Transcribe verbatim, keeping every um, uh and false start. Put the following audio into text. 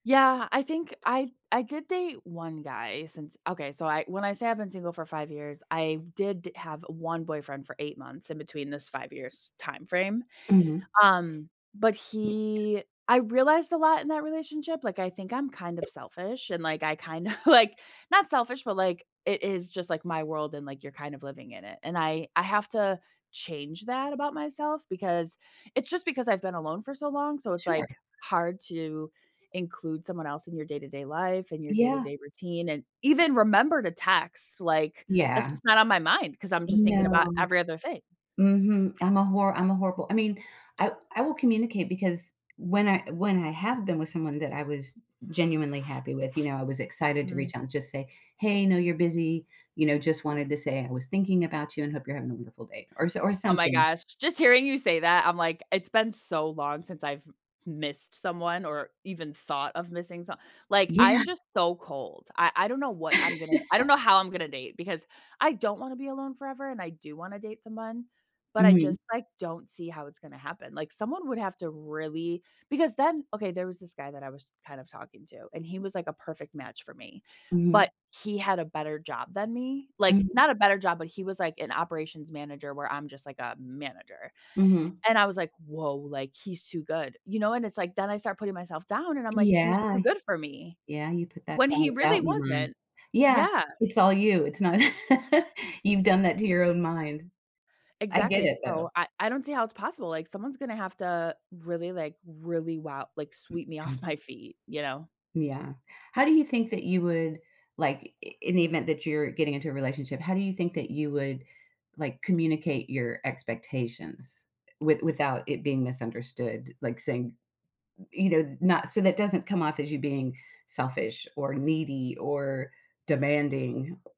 Yeah, I think I I did date one guy since okay, so I when I say I've been single for five years, I did d have one boyfriend for eight months in between this five-years-time frame. Mhm. Um, but he I realized a lot in that relationship, like I think I'm kind of selfish, and like I kinda like, not selfish, but like, it is just like my world and like you're kind of living in it, and I I have to change that about myself because it's just because I've been alone for so long, so it's Sure. like hard to include someone else in your day-to-day life and your Yeah. day-to-day routine, and even remember to text, like, that's Yeah. just not on my mind, 'cause I'm just thinking about No. every other thing. Mhm, I'm a horr I'm a horrible I mean, I I will communicate, because when I when I have been with someone that I was genuinely happy with, you know, I was excited to Mm. reach out and just say, "Hey, I know you're busy," you know, "just wanted to say I was thinking about you and hope you're having a beautiful day," or so or Oh my something. gosh, j j just hearing you say that, I'm like, it's been so long since I've m missed someone or even thought of missing some like Yeah. I'm just so cold. I I don't know what I'm gonna I don't know how I'm gonna date, because I don't wanna be alone forever and I do wanna date someone, but I Mhm. just like don't see how it's gonna happen. Like someone would have to really because then okay, there was this guy that I was kind of talking to, and he was like a perfect match for me. But Mhm. he had a better job than me, like, Mhm. not a better job, but he was like an operations manager where I'm just like a manager, Mhm. and I was like, "Whoa," like, "he's too good," you know, and it's like then I start putting myself down and I'm like, "He's Yeah, too good for me." yeah, you put that When cloud he of really doubt in your mind. wasn't. Yeah, Yeah. it's all you, it's not you've done that to your own mind. I get Exactly, it though. so I I don't see how it's possible, like someone's gonna have to really like, really wo like sweep me off my feet, you know? Yeah. How do you think that you would, like, i i in the event that you're getting into a relationship, how do you think that you would like communicate your expectations, eh with without it being misunderstood, like saying, y you know, not so that doesn't come off as you being selfish or needy or demanding.